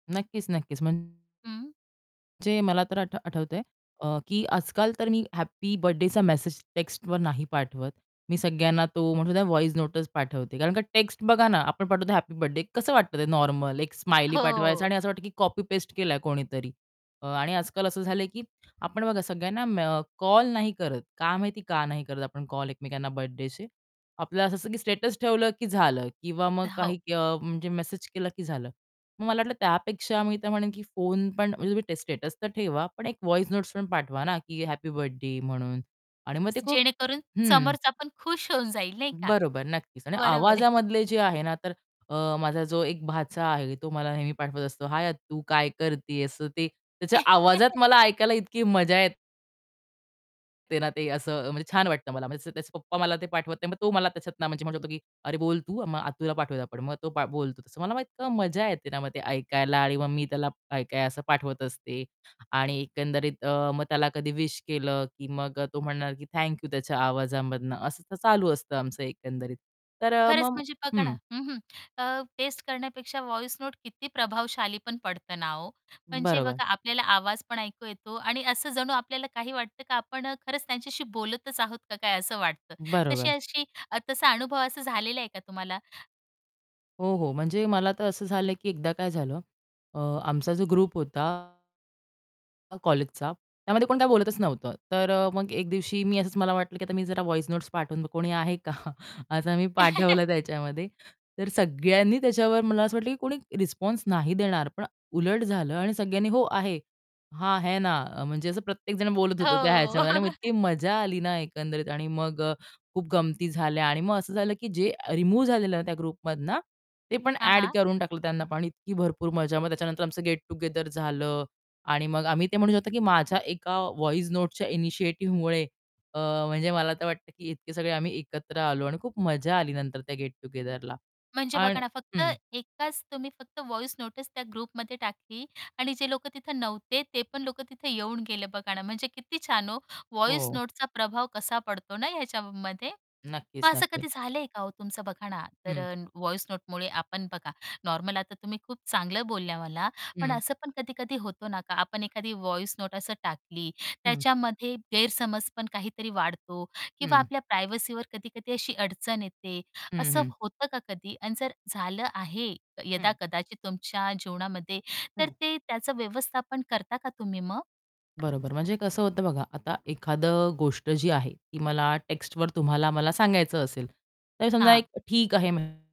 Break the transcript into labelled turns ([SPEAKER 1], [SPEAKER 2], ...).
[SPEAKER 1] नक्कीच, नक्कीच. म्हणजे
[SPEAKER 2] हं.
[SPEAKER 1] मला तर आठ आठवतंय अ, की आजकाल तर मी हॅपी बर्थडेचा मेसेज टेक्स्टवर नाही पाठवत. मी सगळ्यांना तो म्हणू द्या व्हॉइस नोटंच पाठवते कारण का टेक्स्ट बघा ना आपण पाठवतो हॅपी बर्थडे कसं वाटतं ते नॉर्मल एक स्माइली पाठवायचं
[SPEAKER 2] हो.
[SPEAKER 1] आणि असं वाटतं की कॉपी पेस्ट केलाय कोणीतरी. अ, आणि आजकाल असं झालंय की आपण बघा सगळ्यांना मे कॉल नाही करत का माहिती का नाही करत आपण कॉल एकमेकांना बर्थडेचे? आपलं असं की स्टेटस ठेवलं की झालं किंवा मग
[SPEAKER 2] अ, हो.
[SPEAKER 1] काही अ, म्हणजे मेसेज केला की झालं. मग मला वाटलं त्यापेक्षा मी तर म्हणेन की फोन पण म्हणजे तुम्ही ट स्टेटस तर ठेवा, पण एक व्हॉइस नोट्स पण पाठवा ना की हॅपी बर्थडे म्हणून आणि मग ते
[SPEAKER 2] स
[SPEAKER 1] खूप
[SPEAKER 2] जेणेकरून
[SPEAKER 1] हं.
[SPEAKER 2] समोरचा पण खुश होऊन जाईल नाही का?
[SPEAKER 1] बरोबर, नक्कीच. आणि
[SPEAKER 2] बरोबर आहे.
[SPEAKER 1] आवाजामधले जे आहे ना, तर अ, माझा जो एक भाचा आहे, तो मला नेहमी पाठवत असतो, "हाय आत्तु काय करतीयेस?" ते त्याच्या आवाजात मला ऐकायला इतकी मजा येते ना, ते असं अ, म्हणजे छान वाटतं मला म्हणजे त्याचे पप्पा मला ते पाठवत नाही, मग तो मला त्याच्यातन म्हणजे म्हणू शकतो की "अरे बोल तू मग आत्तुला पाठवूयात आपण." मग तो बोलतो तसं. मला मग इतकं मज्जा येते ना मग ते ऐकायला आणि मग मी त्याला काय-काय असं पाठवत असते. आणि एकंदरीत अ, मग त्याला कधी विश केलं की मग अ, तो म्हणणार की "थँक यू." त्याच्या आवाजामधनं असं तर चालू असतं आमचं एकंदरीत. तर अ,
[SPEAKER 2] खरंच
[SPEAKER 1] मग
[SPEAKER 2] म्हणजे बघा ना
[SPEAKER 1] हं
[SPEAKER 2] हं, हं. अ, टेस्ट करण्यापेक्षा व्हॉइस नोट किती प्रभावशाली पण पडत ना हो! म्हणजे
[SPEAKER 1] बरोबर.
[SPEAKER 2] बघा आपल्याला आवाज पण ऐकू येतो आणि असं जणू आपल्याला काही वाटतं का आपण अ, खरंच त्यांच्याशी बोलतच आहोत का काय असं वाटतं, तशी
[SPEAKER 1] बरोबर.
[SPEAKER 2] अशी अ, तसा अनुभव असा झालेला आहे का तुम्हाला?
[SPEAKER 1] हो, हो. म्हणजे मला तर असं झालंय की एकदा काय झालं अ, आमचा जो ग्रुप होता अ, कॉलेजचा, त्यामध्ये कोणी काही बोलतच नव्हतं. तर मग एक दिवशी मी असंच मला वाटलं की आता मी जरा व्हॉइस नोट्स पाठवून, कोणी आहे का? असं मी पाठवलं त्याच्यामध्ये. तर सगळ्यांनी त्याच्यावर मला असं वाटलं, की कोणी रिस्पॉन्स नाही देणार पण उलट झालं आणि सगळ्यांनी, "हो आहे," "हां, है ना." अ, म्हणजे असं प्रत्येक जण बोलत होतो त्या
[SPEAKER 2] हो.
[SPEAKER 1] ह्याच्यामध्ये आणि मग इतकी मजा आली ना एकंदरीत आणि मग अ, खूप गमती झाल्या आणि मग असं झालं की जे रिमूव्ह झालेलं ना त्या ग्रुपमधनं, ते पण
[SPEAKER 2] हां,
[SPEAKER 1] ॲड
[SPEAKER 2] हां.
[SPEAKER 1] करून टाकलं त्यांना पण आणि इतकी भरपूर मजा. मग त्याच्यानंतर आमचं गेट टुगेदर झालं. आणि मग आम्ही ते म्हणू शकतो की माझ्या एका व्हॉइस नोट्सच्या इनिशिएटिव्हमुळे अ, म्हणजे मला तर वाटतं की इतके सगळे आम्ही एकत्र आलो आणि खूप मजा आली नंतर त्या गेट टुगेदरला
[SPEAKER 2] म्हणजे
[SPEAKER 1] आणि
[SPEAKER 2] बघा ना, फक्त
[SPEAKER 1] हं
[SPEAKER 2] एकाच तुम्ही फक्त व्हॉइस नोटीस त्या ग्रुपमध्ये टाकली आणि जे लोक तिथे नव्हते, ते पण लोक तिथे येऊन गेले बघा ना, म्हणजे किती छान हो. व्हॉइस
[SPEAKER 1] हो.
[SPEAKER 2] नोटचा प्रभाव कसा पडतो ना ह्याच्यामध्ये. मग
[SPEAKER 1] नक्कीच,
[SPEAKER 2] असं
[SPEAKER 1] नक्कीच.
[SPEAKER 2] कधी झालंय का हो, तुमचं बघा ना तर
[SPEAKER 1] हं.
[SPEAKER 2] अ, व्हॉइस नोटमुळे आपण बघा नॉर्मल आता तुम्ही खूप चांगलं बोलल्या मला, पण
[SPEAKER 1] हं.
[SPEAKER 2] असं पण कधी-कधी होतो ना, का आपण एखादी व्हॉइस नोट असं टाकली
[SPEAKER 1] हं.
[SPEAKER 2] त्याच्यामध्ये गैरसमज पण काहीतरी वाढतो किंवा
[SPEAKER 1] हं.
[SPEAKER 2] आपल्या प्रायव्हसीवर कधी-कधी अशी अडचण येते,
[SPEAKER 1] हं.
[SPEAKER 2] असं
[SPEAKER 1] हं.
[SPEAKER 2] होतं का कधी? आणि जर झालं आहे
[SPEAKER 1] हं.
[SPEAKER 2] यदा-कदाचित तुमच्या जीवनामध्ये तर
[SPEAKER 1] हं.
[SPEAKER 2] ते त्याचं व्यवस्थापन करता का तुम्ही मग?
[SPEAKER 1] बरोबर. म्हणजे कसं होतं बघा आता एखादं गोष्ट जी आहे, ती मला टेक्स्टवर तुम्हाला मला सांगायचं असेल, तर समजा
[SPEAKER 2] हां.
[SPEAKER 1] एक ठीक आहे म्हण